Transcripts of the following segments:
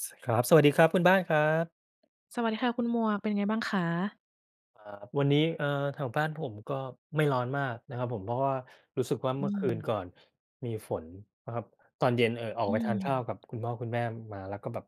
ส ครับ สวัสดีครับ คุณบ้านครับ สวัสดีค่ะคุณหมวก เป็นไงบ้างคะ? อ่า วันนี้ เอ่อ แถวบ้านผมก็ไม่ร้อนมากนะครับผม เพราะว่ารู้สึกว่า อเืมื่อคืนกม ่อนมีฝนนะครับ ตอนเย็น เอ่อ ออกอืไปทานข้าวม กับคุณพ่อคุณแม่มา แล้วก็แบบ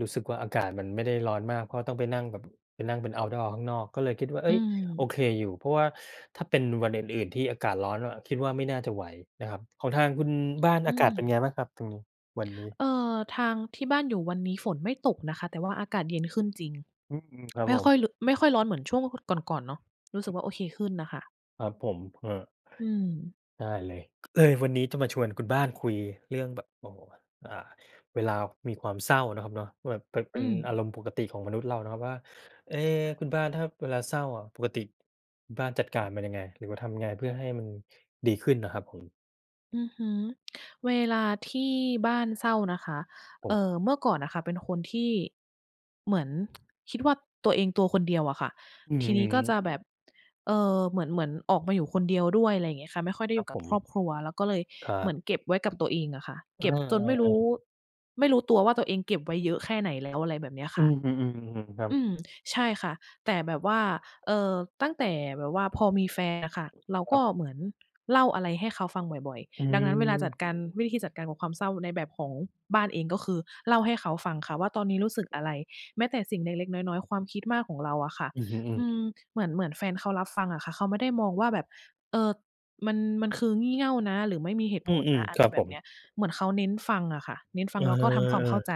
รู้สึกว่า อากาศมันไม่ได้ร้อนมาก เพราะต้องไปนั่งแบบ ไปนั่งเป็นเอาต์ดอร์ข้างนอก ก็เลยคิดว่า เออื้ย! โอม เคอยู่ เพราะว่าถ้าเป็นวันอื่น ๆ ที่อากาศร้อนว่า คิดว่าไม่น่าจะไหวนะครับ ของทางคุณบ้านอือากาศเป็นไม งบ้างครับตรงนี้? วันนี้? เออ ทางที่บ้านอยู่ วันนี้ฝนไม่ตกนะคะ แต่ว่าอากาศเย็นขึ้นจริง อือ อืม ครับไม่ผคม ่อยรุ ไม่ค่อยร้อนเหมือนช่วง ว ค ก่อน ๆ เนาะ รู้สึกว่าโอเคขึ้นน่ะค่ะ ครับผม อา อืม ได้เลย เออ วันนี้จะมาชวนคุณบ้านคุยเรื่องแบบ โอ้ อ่า เวลามีความเศร้านะครับเนาะ แบบเป็น เอปื็นอาม รมณ์ปกติของมนุษย์เรานะครับว่า เอ๊! คุณบ้านถ้าเวลาเศร้าอะ ปกติคุณบ้านจัดการมันยังไง? หรือว่าทำยังไง เพื่อให้มันดีขึ้นนะครับผม? อือฮึ เวลาที่บ้านเศร้านะคะ ผเอม ่อ เมื่อก่อนน่ะค่ะเป็นคนที่เหมือน คิดว่า ตัวเองตัวคนเดียวอะค่ะ อือ ทอืีอนฮี้ก็จึ ะแบบ เอ่อ เหมือน เหมือนออกมาอยู่คนเดียวด้วย อะไรอย่างเงี้ยค่ะ ไม่ค่อยได้คอรยัูบ่กัผบครม อบครัว แล้วก็เลยครัเหมืบ อนเก็บไว้กับตัวเองอะค่ะ เอเกอ ็บจนไม่รู้ ๆ ๆ ไม่รู้ตัวว่า ตัวเองเก็บไว้เยอะแค่ไหนแล้ว อะไรแบบเนี้ยคอื่ะ ม ๆ ๆ ๆ ๆ ครัอบ ืม ใช่ค่ะ แต่แบบว่า เอ่อ ตั้งแต่แบบว่า พอมีแฟนอะค่ะ เราคกรั็บ เหมือนเล่าอะไรให้เขาฟังบ่อย อืๆ ดังนั้นเวลาจัดอ การ วิธีจัดการกับความเศร้าในแบบของบ้านเอง ก็คือเล่าให้เขาฟังค่ะว่า ตอนนี้รู้สึกอะไร แม้แต่สิ่งเล็ก ๆ น้อย ๆ ความคิดมากของเราอะค่ะ อือฮึ อือ อืม ๆ เหมือน เหมือนแฟนเขารับฟังอะค่ะ เขาไม่ได้มองว่าแบบ เอ่อ มัน มันคืองี่เง่านะ หรือไม่มีเหตุอืผลนอ ะ อะๆ คไรรับแบผบม เนี้ย เหมือนเขาเน้นฟังอะค่ะ เน้นฟเัองอ แล้วก็ทำความเข้าใจ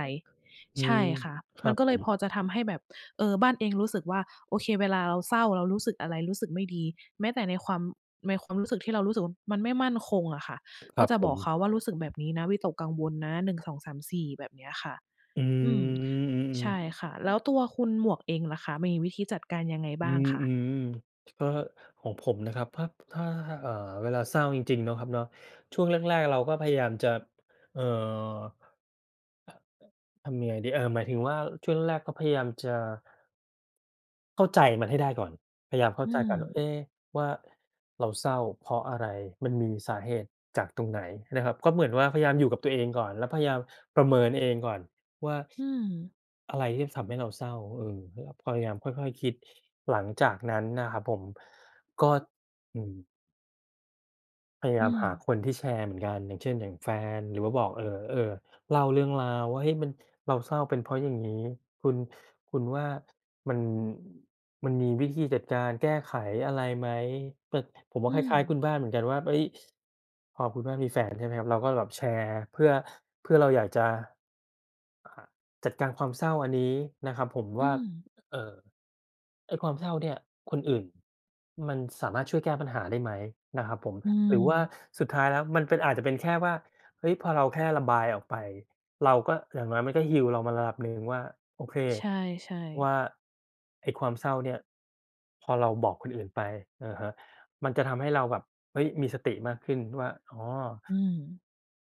ๆ อืใช่ม ค่ะ คมรัันบก็เผลยพม อจะทำให้แบบ เอ่อ บ้านเองรู้สึกว่า โอเค เวลาเราเศร้า เรารู้สึกอะไร รู้สึกไม่ดี แม้แต่ในความ ในความรู้สึกที่เรารู้สึกว่า มันไม่มั่นคงอะค่ะ ครก็ับจะผบอกเขม าว่า รู้สึกแบบนี้นะวิตกกังวลนะ 1 2 3 4 แบบเนี้ยค่ะ อือ อืม อืใชอ ่ๆ ค่ะ แล้วตัวคุณหมวกเองล่ะคะ มีวิธีจัดการยังไงอบื้างม คะ? อือ ก็ ของผมนะครับ ถ้า ถ้า อ่า เวลาเศร้าจริง ๆ เนาะครับเนาะ ช่วงแรก ๆ เราก็พยายามจะ เอ่อ ทำยังไงดี เออ หมายถึงว่า ช่วงแรก ๆ ก็พยายามจะ เข้าใจมันให้ได้ก่อน พยายามเข้อาืใจก่อนว่า เม อ๊ะ ว่า เราเศร้าเพราะอะไร? มันมีสาเหตุจากตรงไหน? นะครับ ก็เหมือนว่า พยายามอยู่กับตัวเองก่อน แล้วพยายามประเมินเองก่อนว่า อืม อะไรที่ทำให้เราเศร้า? เออ เนี่ย พยายามค่อย ๆ คิด หลังจากนั้นนะครับผม ก็ ด อืม พยายอืามหาม คนที่แชร์เหมือนกัน อย่างเช่น อย่างแฟน หรือว่าบอก เออ เออ เล่าเรื่องราวว่า เฮ้ย มัน เราเศร้า เป็นเพราะอย่างงี้ คุณ คุณว่า มัน มันมีวิธีจัดการแก้ไขอะไรไหม? เกิด ผมว่อา คืล้าย ๆ คม ุณบ้านเหมือนกันว่า เฮ้ย! พอคุณบ้านมีแฟนใช่ไหมครับ เราก็แบบแชร์ เพื่อ เพื่อเราอยากจะ อ อ จัดการความเศร้าอันนี้นะครับผมวอื่า ม เอ่อ ไอ้ความเศร้าเนี่ย คนอื่นมันสามารถช่วยแก้ปัญหาได้ไหม? นะครับผม อืหรือว่าม สุดท้ายแล้วมันเป็น อาจจะเป็นแค่ว่า เฮ้ย พอเราแค่ระบายออกไป เราก็ อย่างน้อยมันก็ heal เรามาระดับหนึ่งว่า โอเค ใช่ วๆ ่า ไอ้ความเศร้าเนี่ย พอเราบอกคนอื่นไป อือฮึ มันจะทำให้เราแบบ เฮ้ย! มีสติมากขึ้นว่า อ๋อ อืม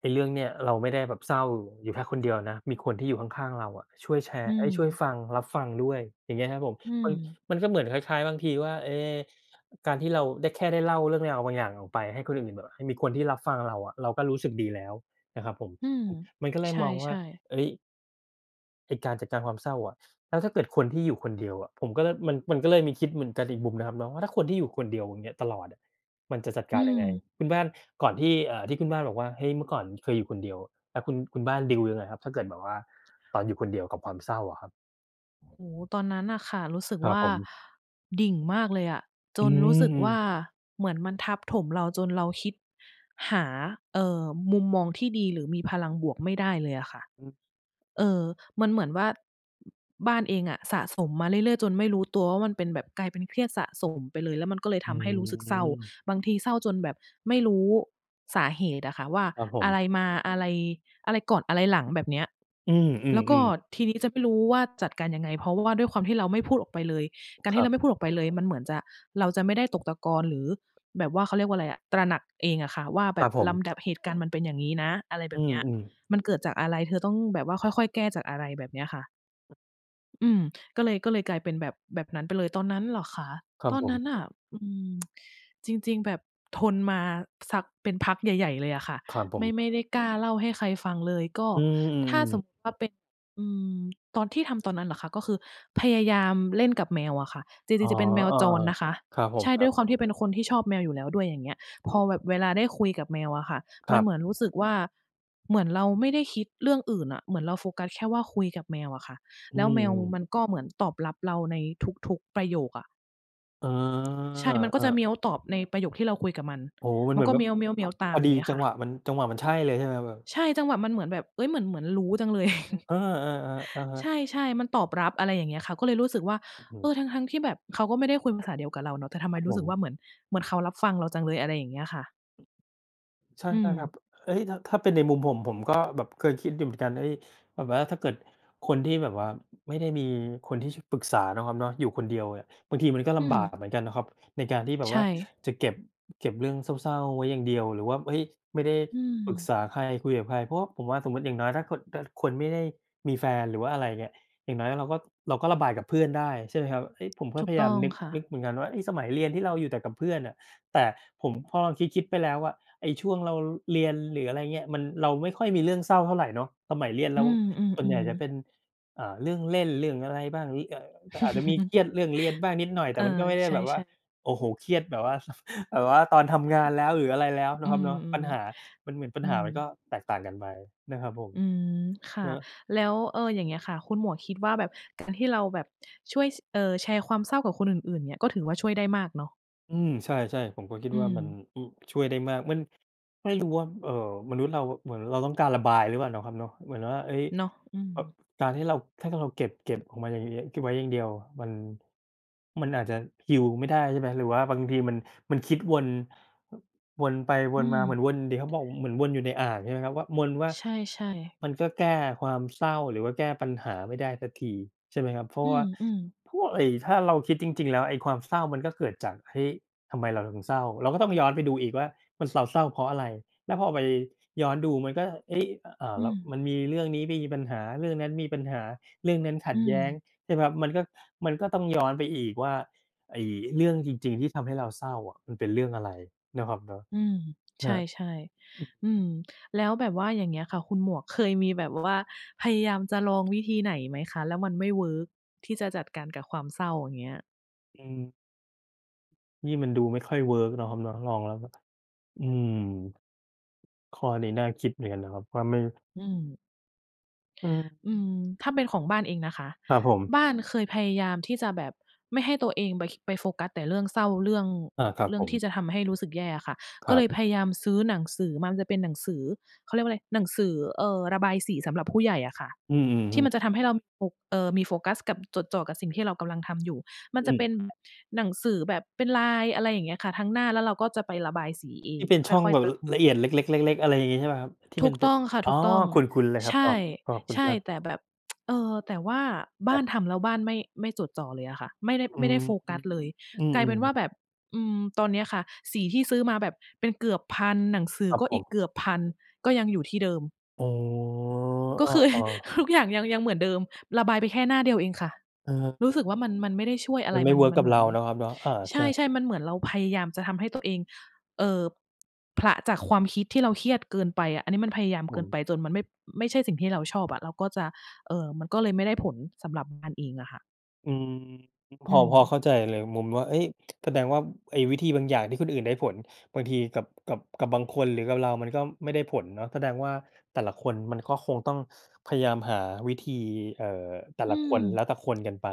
ไอ้เรื่องเนี่ยเราไม่ได้แบบเศร้าอยู่แค่คนเดียวนะ มีคนที่อยู่ข้าง ๆ เราอะช่วยแชรอื์ เอ๊ย ช่วยม ฟัง รับฟังด้วย อย่างเงี้ยครับผม อืมัน ม มันก็เหมือนคล้าย ๆ บางทีว่า เอ๊ การที่เราได้ แค่ได้เล่าเรื่องราวบางอย่างออกไป ให้คนอื่น ๆ แบบ ห มีคนที่รับฟังเราอะ เราก็รู้สึกดีแล้วนะครับผม อืม อือ มันก็เลใยมองวช่า ่ ๆ เฮ้ย! ไอ้การจัดการความเศร้าอะ แล้วถ้าเกิดคนที่อยู่คนเดียวอะ ผมก็เลย มัน มันก็เลยมีคิดเหมือนกันอีกมุมนะครับเนาะ ว่าถ้าคนที่อยู่คนเดียว อย่างเงี้ย ตลอดอะ มันจะจัดอกืารยังไง? ม คุณบ้านก่อนที่ เอ่อ ที่คุณบ้านบอกว่า เฮ้ย เมื่อก่อนเคยอยู่คนเดียว แล้วคุณ คุณบ้านดีลยังไงครับ ถ้าเกิดแบบว่าตอนอยู่คนเดียวกับความเศร้าอะครับ? โอ้โฮ ตอนนั้นน่ะค่ะรู้สึกครวับ่า ผม ดิ่งมากเลยอะ จอืนรู้สึกว่าม เหมือนมันทับถมเราจนเราคิดหา เอ่อ มุมมองที่ดีหรือมีพลังบวกไม่ได้เลยอะค่ะ อืม เออ มันเหมือนว่า บ บ้านเองอ่ะสะสมมาเรื่อย ๆ จนไม่รู้ตัวว่า มันเป็นแบบกลายเป็นเครียดสะสมไปเลย แล้วมันก็เลยอทืำให้รู้สึกเศร้า ม บางทีเศร้าจนแบบไม่รู้สาเหตุอะค่ะว่า ครับผอะม ไรมา อะไร อะไรก่อนอะไรหลังแบบเนี้ย อืแล้วก็อ ๆ ๆ ทีนี้จะไม่รู้ว่าจัดการยังไง เพราะว่าด้วยความที่เราไม่พูดออกไปเลย การคทีร่เัรบ าไม่พูดออกไปเลยมันเหมือนจะ เราจะไม่ได้ตกตะกอนหรือแบบว่า เขาเรียกว่าไรอะ ตระหนักเองอะค่ะว่าแคบรับ บผลม ำดับเหตุการณ์มันเป็นอย่างงี้นะ อะไรแบอืบเนี้ย ม ๆ มันเกิดจากอะไร เธอต้องแบบว่าค่อย ๆ แก้จากอะไร แบบเนี้ยค่ะ อืม ก็เลย ก็เลยกลายเป็น แบบ แบบนั้นไปเลย ตอนนั้นเหรอคะ? ครับตอนผนั้ม นน่ะ อืม จริง ๆ แบบทนมาสัก เป็นพักใหญ่ ๆ เลยอะค่ะ ครับผไม่ ม ไม่ได้กล้าเล่าให้ใครฟังเลย ก็อืถม ้าสมๆ ๆ มุติว่าเป็น อืม ตอนที่ทำตอนนั้นเหรอคะ ก็คือพยายามเล่นกับแมวอะค่ะ จอร๋ิอ ง ๆ จะเป็นแมวเออ จรนะคะ ๆ ครับผใชม ่ ครด้ัวบ ยความที่เป็นคนที่ชอบแมวอยู่แล้วด้วย อย่างเงี้ย พออืม แบบเวลาได้คุยกับแมวอะค่ะ คมรัันบ เหมือนรู้สึกว่า เหมือนเราไม่ได้คิดเรื่องอื่นอะ เหมือนเราโฟกัสแค่ว่าคุยกับแมวอะค่ะ อืแล้วแมวม มๆ ันก็เหมือนตอบรับเราในทุก ๆ ประโยคอะ เออ ใช่ มันกเ็อจะเหอ มียวตอบในประโยคที่เราคุยกับมัน โอ้โฮ! มันมัเหนมือก็ นแเบหมบ ียว ๆ ๆ ตพาม ออยด่ีางเงี้ยจัคง่ะ หวะมัน จังหวะมันใช่เลย ใช่ไหมแบบ? ใช่ จังหวะมันเหมือนแบบ เฮ้ย! เหมือน เหมือนรู้จังเลย เออ ๆ ๆ อะฮใะ ช่ ๆ มันตอบรับ อะไรอย่างเงี้ยค่ะ ก็เลยรู้สึกว่า อือฮเอึ อ ทั้ง ๆ ที่แบบเขาก็ไม่ได้คุยภาษาเดียวกับเราเนาะ แต่ทำไคมรับรูผ้สึกวม ่า เหมือน เหมือนเขารับฟังเราจังเลย อะไรอย่างเงี้ยค่ะ ใช่ อืๆ ครัม บ เอ๊ย! ถ้า ถ้าเป็นในมุม ผม ผมก็เคยแบบคิดดูเหมือนกัน เฮ้ย! แบบว่าถ้าเกิด คนที่แบบว่า ไม่ได้มีคนที่ ช ปรึกษานะครับเนาะ อยู่คนเดียว บางทีมันก็อลืำบากม เหมือนกันนะครับ ในการที่แบใชบว่า่ จะ เก็บ เก็บเรื่องเศร้า ๆ ไว้อย่างเดียว หรือว่า เฮ้ย! ไม่ได้อืปรึกม ษาใคร คุยกับใครเพราะว่าผมว่า สมมุติอย่างน้อย ถ้าคน ถ้าคนไม่ได้มีแฟน หรือว่า อะไรอย่างเงี้ย อย่างน้อย เราก็ เราก็ระบายกับเพื่อนได้ใช่ไหมครับ? เฮ้ย! ผมก็ถูพกยตายา้ม องนึก ค่นะ ึกเหมือนกันว่า สมัยเรียนที่เราอยู่แต่กับเพื่อนอะ แต่ผม พอเราคิด ๆ ไปแล้วอะไอ้ช่วงเราเรียน หรืออะไรเงี้ย เราไม่ค่อยมีเรื่องเศร้าเท่าไรเนาะ สมัยเรียนเอืราม ส่วนใหญ่จะๆ ๆ เป็น อ่า เรื่องเล่น เรื่องอะไรบ้าง อา อาจจะมีเครียดเรื่องเรียนบ้างนิดหน่อย แตเอ่อ มันก็ไม่ได้ใชแบบว่า ่ ๆ โอ้โฮ! เครียด แบบว่า แบบว่าตอนทำงานแล้ว หรืออะไรแล้ว เนอาืะครับเม นาะ ปัญหา มันเหมือนปัๆ อญืหาม มันก็แตกต่างกันไป นะครับผม อืมค่เฮะ อะ แล้ว เออ อย่างเงี้ยค่ะ คุณหมวกคิดว่า แบบการที่เราแบบช่วย ช เอ่อ แชร์ความเศร้ากับคนอื่น ๆ เนี่ย ก็ถือว่าช่วยได้มากเนาะ? อืม ใช่ ๆ ผมก็คิดอืว่ามัน ม อึ ช่วยได้มาก มัน ไม่รู้ว่า เอ่อ มนุษย์เราเหมือนเราต้องการระบายหรือเปล่าเนาะครับเนาะ เหมือนว่า เอ๊ย เนาะ อืแบบม การที่เรา ถ้าเรา เก็บ เก็บออกมาอย่างงี้ เก็บไว้อย่างเดียว มัน มันอาจจะ Heal ไม่ได้ ใช่ไหม? หรือว่าบางที มัน มันคิดวน วนไปวอืนมาเหมือม นวน ที่เขาบอกเหมือนวนอยู่ในอ่าง ใช่ไหมครับว่า วนว่า ใช่ ๆ มันก็แก้ความเศร้า หรือว่าแก้ปัญหาไม่ได้สักที ใช่ไหมครับ? เพราอะว่าืม ๆ พวกไอ้ถ้าเราคิดจริง ๆ แล้ว ไอ้ความเศร้ามันก็เกิดจาก เฮ้ย ทำไมเราถึงเศร้า เราก็ต้องย้อนไปดูอีกว่า มันเซา เศร้าเพราะอะไร แล้วพอไปย้อนดู มันก็ เอ๊ย อ่า อืแล้วม มันมีเรื่องนี้มีปัญหา เรื่องนั้นมีปัญหา เรื่องนั้นขัอืดแย้ง ม ใช่เปล่าครับ มันก็ มันก็ต้องย้อนไปอีกว่า ไอ้เรื่องจริง ๆ ที่ทำให้เราเศร้าอะ มันเป็นเรื่องอะไรนะครับเนาะ อืม ใคชรับ ่ ๆ อืม แล้วแบบว่าอย่างเงี้ยค่ะคุณหมวก เคยมีแบบว่าพยายามจะลองวิธีไหนไหมคะ แล้วมันไม่เวิร์กที่จะจัดการกับความเศร้าอย่างเงี้ย? อืม นี่มันดูไม่ค่อย work เนาะครับเนาะ ลองแล้ว อืม ข้อนี้น่าคิดเหมือนกันนะครับว่า ไม่ อืม อืม อืม ถ้าเป็นของบ้านเองนะคะ ครับผม บ้านเคยพยายามที่จะแบบไม่ให้ตัวเองไป คิ ไปโฟกัสแต่เรื่องเศร้า เรื่อง อา ครับเรื่ผองที่ม จะทำให้รู้สึกแย่อะค่ะ กค็รเัลบ ยพยายามซื้อหนังสือมา มันจะเป็นหนังสือ เขาเรียกว่าไร หนังสือ เอ่อ ระบายสีสำหรับผู้ใหญ่อะค่ะ อือ อือทฮี่มัึ นจะทำให้เรา ม โฟ เอ่อ มีโฟกัสกับ จดจ่อกับสิ่งที่เรากำลังทำอยู่ มัอนืจะอ เป็น หนังสือแบบเป็นลาย อะไรอย่างเงี้ยค่ะ ทั้งหน้าแล้วเราก็จะไประบายสีเอทง ี่เป็นคช่่องอย แบๆ บเติม ละเอียดเล็ก ๆ ๆ ๆ อะไรอย่างงี้ใช่เปล่าครับ? ที่ถูมันกเป็ตน ้องค่ะ อ๋ถอ ูกต้อง คุ้น ๆ เลยครใับ อ๋อ ขอบคุชณค่ รับ ๆ แต่แบบ เอ่อ แต่ว่าบค้ารันบ ทำแล้ว บ้าน ไม่ ไม่จดจ่อเลยอะค่ะ ไม่ได้ อไืม่ไดอ้โฟฮกึ ัสเลย อืกลายเปม ็นว่าๆ ๆ แบบ อืม ตอนเนี้ยค่ะสีที่ซื้อมาแบบเป็นเกือบ 1,000 หนังสืคอรับก็ผอีกม เกือบ 1,000 ก็ยังอยู่ที่เดิม อ๋อ ก็คือ เออ ๆ ทุกอย่าง ยัง ยังเหมือนเดิม ระบายไปแค่หน้าเดียวเองค่ะ อือฮึ รู้สึกว่า มัน มันไม่ได้ช่วยอะมัไร นไม่มัเน วิร์กมักนับเหมเืรอา น เนาะครับเนาะ อา ใใช่ ช่ ๆ มันเหมือนเราพยายามจะทำให้ตัวเอง เอ่อ ผละจากความคิดที่เราเครียดเกินไปอะ อันนี้มันพยายามอเืกิอฮนึ ไป จนมันไม่ ไม่ใช่สิ่งที่เราชอบอะ เราก็จะ เอ่อ มันก็เลยไม่ได้ผล สำหรับบ้านเองอะค่ะ อืม พอือ พอม เข้าใจเลยมุมว่า เฮ้ย แสดงว่าไอ้วิธีบางอย่างที่คนอื่นได้ผล บางทีกับ กับ กับบางคน หรือกับเรา มันก็ไม่ได้ผลเนาะ แสดงว่าแต่ละคนมันก็คงต้องพยายามหาวิธี เอ่อ แต่อืละคน แลม ้วแต่คนกันไป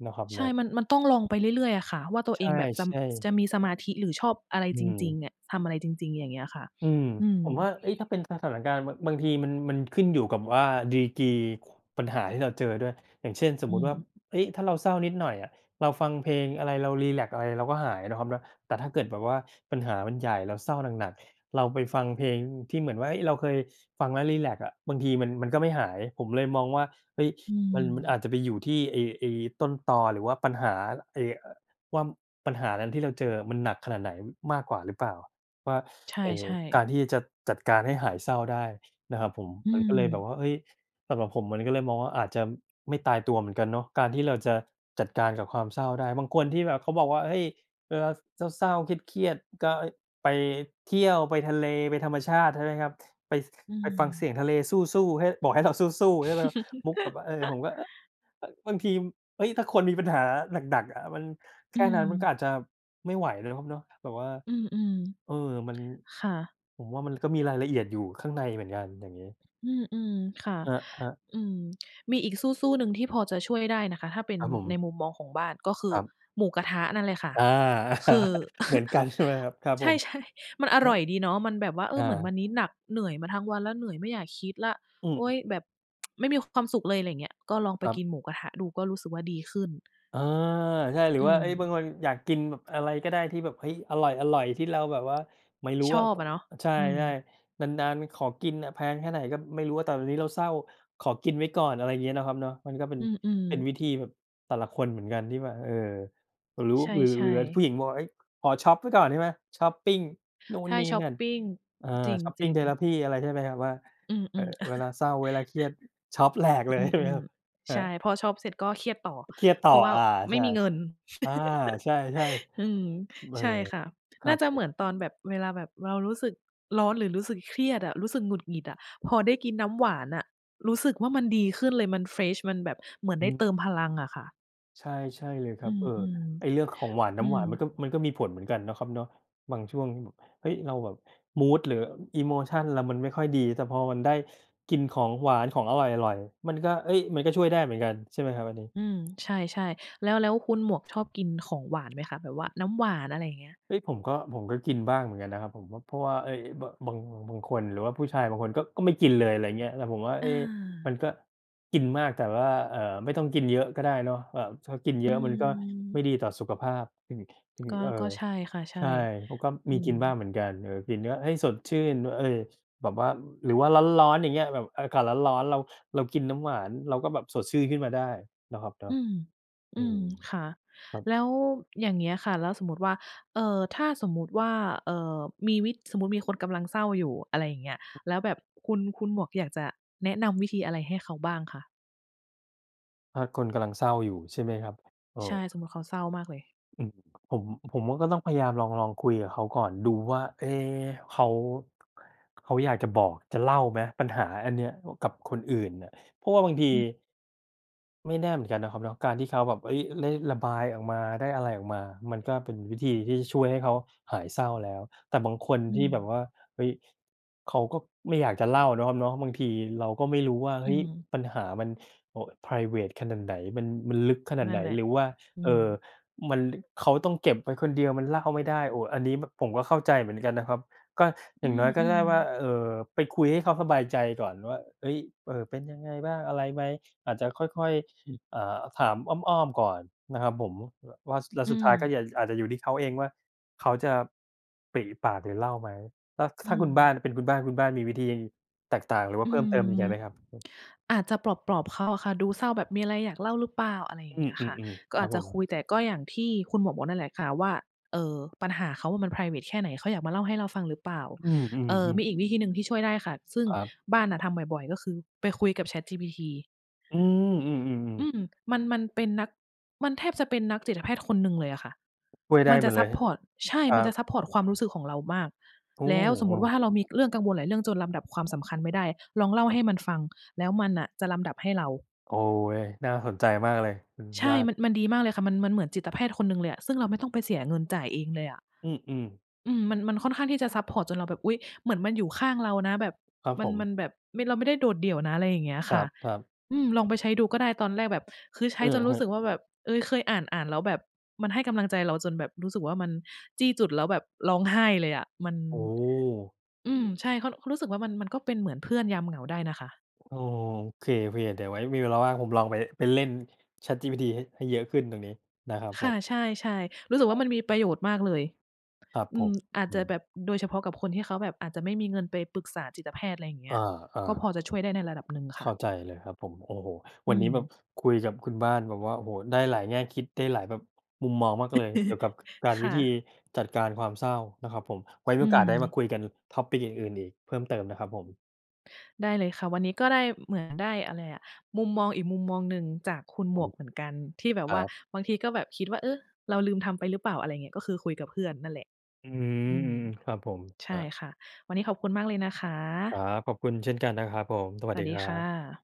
เนาะครับใชเนา่ ะ มัน มันต้องลองไปเรื่อย ๆ อะค่ะว่า ตัวใชเอ่ งแบบจะ ม ๆ จะมีสมาธิ หรือชอบอะไรอืจริง ม ๆ อะ ทำอะไรจริง ๆ อย่างเงี้ยค่ะ อืม อืม ผมว่า เฮ้ย ถ้าเป็นสถานการณ์ บะ บางทีมัน มันขึ้นอยู่กับว่า ดีกรี ข ปัญหาที่เราเจอด้วย อย่างเช่น สอมืมติว่า ม เฮ้ย ถ้าเราเศร้านิดหน่อยอะ เราฟังเพลงอะไร เรารีแลกซ์อะไร เราก็หาย เนาะครับเนาะ แต่ถ้าเกิดแบบว่าปัญหามันใหญ่ เราเศร้าหนัก ๆ เราไปฟังเพลงที่เหมือนว่า เฮ้ย เราเคยฟังแล้วรีแลกซ์อะ บางทีมัน มันก็ไม่หาย ผมเลยมองว่า เฮ้ย อืมัน มันอม าจจะไปอยู่ที่ไอ้ ไอ้ต้นตอหรือว่าปัญหา ไอ้ เอ่อ ว่า ปัญหานั้นที่เราเจออะ มันหนักขนาดไหนมากกว่าหรือเปล่าว่า ใชไอ้่ กาๆ รที่จะจัดการให้หายเศร้าได้ นะครับผม อืมันก็เลยแบบม ว่า เฮ้ย สำหรับผมมันก็เลยมองว่า อาจจะไม่ตายตัวเหมือนกันเนาะ การที่เราจะจัดการกับความเศร้าได้ บางคนที่แบบเขาบอกว่า "เฮ้ย เวลาเศร้า ๆ เครียด ๆ ก็ เฮ้ย ไปเที่ยว ไปทะเล ไปธรรมชาติ" ใช่ไหมครับ "ไป อืไปฟังเสม ียงทะเลซู่ ๆ ให้ บอกให้เราสู้ ๆ" ใช่ไหมครับ มุกแบบว่า เออ ผมก็ เอ๊อะ เอ๊อะ บางที เฮ้ย ถ้าคนมีปัญหาหนัก ๆ อะ มัน แอคื่นั้นมันกม ็อาจจะไม่ไหว เนาะครับเนาะ แบบว่า อือ เออ มัน ๆ ค่ะ ผมว่ามันก็มีรายละเอียดอยู่ข้างในเหมือนกัน อย่างงี้ อือ ๆ ค่ะ ครับ ครับ อืม มีอีกสู้ ๆ หนึ่ง ที่พอจะช่วยได้นะคะ ถ้าเป็นครับผในม มุมมองของบ้าน ก็คืคอรับ หมูกระทะนั่นเลยค่ะ อา คือ เหมือนกัน ใช่ไหมครับ? ครับใชผ่ ม ๆ มันอครัร่บ อยดีเนาะ มันแบบว่า "เอออ เหมือนวัา นนี้หนัก เหนื่อยมาทั้งวันแล้ว เหนื่อยไม่อยากคิดละ อืโอ๊ย ม แบบ ไม่มีความสุขเลย" ไรอย่างเงี้ย ก็ลองไปครับ กินหมูกระทะดู ก็รู้สึกว่าดีขึ้น อา ใช่ หรือือว่า เฮ้ย บม างคนอยากกินแบบอะไรก็ได้ ที่แบบ เฮ้ย อร่อย ๆ ที่เราแบบว่า ไม่รู้ชอะ อบก็ อะเนาะ ใช่ อืม ๆ นาน ๆ ขอกินอะ แพงแค่ไหนก็ไม่รู้อะ แต่ตอนนี้เราเศร้าขอกินไว้ก่อน อะไรอย่างเงี้ย เนาะครับเนาะ มันก็เป็อน ืม เป็นๆ วิธีแบบ แต่ละคนเหมือนกันที่ว่า เอ่อ หรือว่ใา หรือ ชหร่ ือ อ่า ผๆ ู้หญิงบอกว่า เฮ้ย ขอช็อปไว้ก่อน ใช่ไหม ช็อปปิงนู่ไนท่ นี่ช็อนปั่น ปิง เอ่อ จริง จริshopping ง therapy อะไรใช่ไหมครับ ว่า อืม เออ ๆ เวลาเศร้า เวลาเครียด ช็อปแหลก เลอย ใช่ไหมืคม รับ? คๆ ใรชับ ่ พอช็อปเสร็จก็เครียดต่อ เครียดตเ่พอ ราะว่าอา ไมใช่่ มีเงิน อา ใช่ อืม ๆ อืม เอใอ ช่ค่ะ ครน่ัาบจะผเหมืม อนตอนแบบ เวลาแบบเรารู้สึกร้อน หรือรู้สึกเครียดอะ รู้สึกหงุดหงิดอะ พอได้กินน้ำหวานอะรู้สึกว่ามันดีขึ้นเลย มัน เฟรช มันแบบเหมือนอไืด้เตม ิมพลังอะค่ะ ใช่ ใช่เลยคอืรับ ม เออ ไอ้เรื่องของหวาน ๆ นอื้ำหวม านมันก็ มันก็มีผลเหมือนกันเนาะครับเนาะ บางช่วงแบบ เฮ้ย เราแบบ มูด หรือ อีโมชัน เรามันไม่ค่อยดี แต่พอมันได้กินของหวาน ของอร่อย ๆ มันก็ เฮ้ย มันก็ช่วยได้เหมือนกันใช่ไหมครับอันนี้? อืม ใช่ ๆ แล้ว แล้วคุณหมวกชอบกินของหวานไหมคะ แบบว่าน้ำหวาน อะไรอย่างเงี้ย? เฮ้ย ผมก็ ผมก็กินบ้างเหมือนกันนะครับ ผมก็ เพราะว่า เอ๊ย อ บาง บาง บางคน หรือว่าผู้ชายบางคนก็ ก็ไม่กินเลย อะไรอย่างเงี้ย แต่ผมว่า เอ๊ะ มันอา ก็กินมาก แต่ว่า เอ่อ ไม่ต้องกินเยอะก็ได้เนาะ แบบ ถ้ากินเอยือะ มันก็ไมม ่ดีต่อสุขภาพ อืม อืม ก็ เอ่ก็อ ใช่ค่ะ ใชใ่ ช่ ผมก็อมืีกม ินบ้างเหมือนกัน เออ กินก็ให้สดชื่น ว่า เออ ส แบบว่า หรือว่าร้อน ๆ อย่างเงี้ย แบบอากาศร้อน ๆ เรา เรากินน้ำหวาน เราก็แบบสดชื่น ขึ้นมาได้นะครับเนาอะ ืม ออืืม ม ค่ะ ครับ แล้วอย่างเงี้ยค่ะ แล้วสมมติว่า เอ่อ ถ้าสมมติว่า เอ่อ มีวิด สมมติมีคนกำลังเศร้าอยู่ อะไรอย่างเงี้ย แล้วแบบคุณ คุณหมวกอยากจะแนะนำวิธีอะไรให้เขาบ้างคะ? ถ้าคนกำลังเศร้าอยู่ ใช่ไหมครับ โอ้ ใช่ สมมติเขาเศร้ามากเลย อืม ผม ผมว่าก็ต้องพยายามลอง ลองคุยกับเขาก่อน ดูว่า เอ๊ะ เขา เขาอยากจะบอก จะเล่าไหม ปัญหาอันเนี้ย อ กับคนอื่นน่ะ เพราะว่าบางที อืม ไม่แน่เหมือนกันนะครับเนาะ การที่เขาแบบ เฮ้ย ได้ระบายออกมา ได้อะไรออกมา มันก็เป็นวิธีที่ช่วยให้เขาหายเศร้าแล้ว แต่บางคนอืที่แบม บว่า เฮ้ย เขาก็ไม่อยากจะเล่าเนาะครับเนาะ บางทีเราก็ไม่รู้ว่า อเืฮ้ย ม ปัญหามัน เอ่อ ไพรเวตขนาดไหน มัน มันลึกขนานดัไ่หนน แหละ หรือว่า อืเอ่อ ม มัน ลึ เขาต้องเก็บไว้คนเดียว มันเล่าไม่ได้ โอ้ อันนี้แบบผมก็เข้าใจเหมือนกันนะครับ ก็ ออยื่างน้อยก็ไดม ้ว่า ๆ อ เอ่อ ไปคุยให้เขาสบายใจก่อนว่า เฮ้ย "เออ เป็นยังไงบ้าง อะไรไหม" อาจจะค่อย ๆ ห อ่า ถามอ้อม ๆ ก่อนนะครับผม ว ว่า ว่า แล้วอืสุดท้ายก็ม อยาก อาจจะอยู่ที่เขาเองว่าเขาจะปริปากหรือเล่าไหม ถ้า ส อถื้าคุณบม ้าน เป็นคุณบ้าน คุณบ้านมีวิธีแตกต่าง หรือว่อาเืพิ่มเติมยิงใอ ยไหมครับ? อาจจะปลอบ ๆ เขาอะค่ะ ดูเศร้าแบบ มีอะไรอยากเล่าหรือเปล่า อะไรอย่อาืงเงี้ยค่ะ ม ๆ กๆ ็ครัอาบจจผะคม ุย แต่ก็อย่างที่คุณหมวกบอกนั่นแหละค่ะว่า เออ ปัญหาเขามันไพรเวตแค่ไหน เขาอยากมาเล่าให้เราฟังหรือเปล่า อืเอ่อ อ ๆ ๆ มีอีกวิธีหนึ่งที่ช่วยได้ค่ะ ซึ่งครับ บ้านน่ะทำบ่อย ๆ ก็คือไปคุยกับ ChatGPT อือ อๆ ๆ ๆ ืม มัน มันเป็นนัก มันแทบจะเป็นนักจิตแพทย์คนหนึ่งเลยอะค่ะ ช่วยไดม้ันหจมะดซเลัยปครพับ อร์ต ใช่ อ ครมัันจะบ ซัปพอร์ตความรู้สึกของเรามาก โอ้ แล้วสมโอมติว้ ่าถ้าเรามีเรื่องกังวลหลายเรื่องจนลำดับความสำคัญไม่ได้ ลองเล่าคใรหับ ้มันฟัง แล้วมันอะจะลำดับให้เรา โอ้โฮ น่าสนใจมากเลยคุณใชบ่ ้ามัน น มันดีมากเลยค่ะ มัน มันเหมือนจิตแพทย์คนหนึ่งเลยอะ ซึ่งเราไม่ต้องไปเสียเงินจ่ายเองเลยอะ อือ ๆ อืม มัน มันค่อนข้างที่จะซัปพอร์ต จนเราแบบ อุ๊ย เหมือนมันอยู่ข้างเรานะ แบบครับมัผน มม ันแบบ ไม่ เราไม่ได้โดดเดี่ยวนะ อะไรอย่างเงี้ยคคร่ะ ับ ๆ อืม ลองไปใช้ดูก็ได้ ตอนแรกแบบ คือใชอ้ืจอนรูฮึ ้สึกว่าแบบ เอ๊ย เคยอ่าน ๆ แล้วแบบมันให้กำลังใจเราจนแบบ รู้สึกว่ามันจี้จุดแล้วแบบร้องไห้เลยอะ มัน โอ้โฮ อืม ใช่ เขา เขารู้สึกว่ามัน มันก็เป็นเหมือนเพื่อนยามเหงาได้นะคะ โอ้โฮ โอเค ๆ เดี๋ยวไว้มีเวลาว่างผมลองไป ไปเล่น ChatGPT ให้ ให้เยอะขึ้นตรงนี้นะครับคผ่ะ ม ใช่ ๆ รู้สึกคว่ราัมบ ันมีประโยชน์มากเลย ครับอืผม ม อาจอืจะแบม บโดยเฉพาะกับคนที่เขาแบบ อาจจะไม่มีเงินไปปรึกษาจิตแพทย์ อะไรอย่างเงี้ย อา ก็พอๆ จะช่วยได้ในระดับหนึ่งเคข่ะ ้าใจเลยครับผม โอ้โฮ อวืันนีม ้แบบ คุยกับคุณบ้านแบบว่า โอ้โฮ ได้หลายแง่คิด ได้หลายแบบ มุมมองมากเลย เกี่ยวกับการ ควิ่ธีะ จัดการความเศร้านะครับผม ไว้มอีืโอกาสได้มาม คุยกัน topic อื่น ๆ อีกเพิ่มเติมนะครับผม ได้เลยค่ะ วันนี้ก็ได้ อ เหมือนได้อะไรอะ มุมมองอีกมุมมองหนึ่งจากคุณหผมวม กเหมือนกัน ที่แบบครวั่า บ บางทีก็แบบคิดว่า เอ๊ะ เราลืมทำไปหรือเปล่า อะไรอย่างเงี้ย ก็คือคุยกับเพื่อนนั่นแหละ อืม อือืม อ ๆ ครับผม ใชครั่บ ค่ะ วันนี้ขอบคุณมากเลยนะคครัะ บ ขอบคุณเช่นกันนะครับผม สวัสสดวัีสดีครัค่บ ะ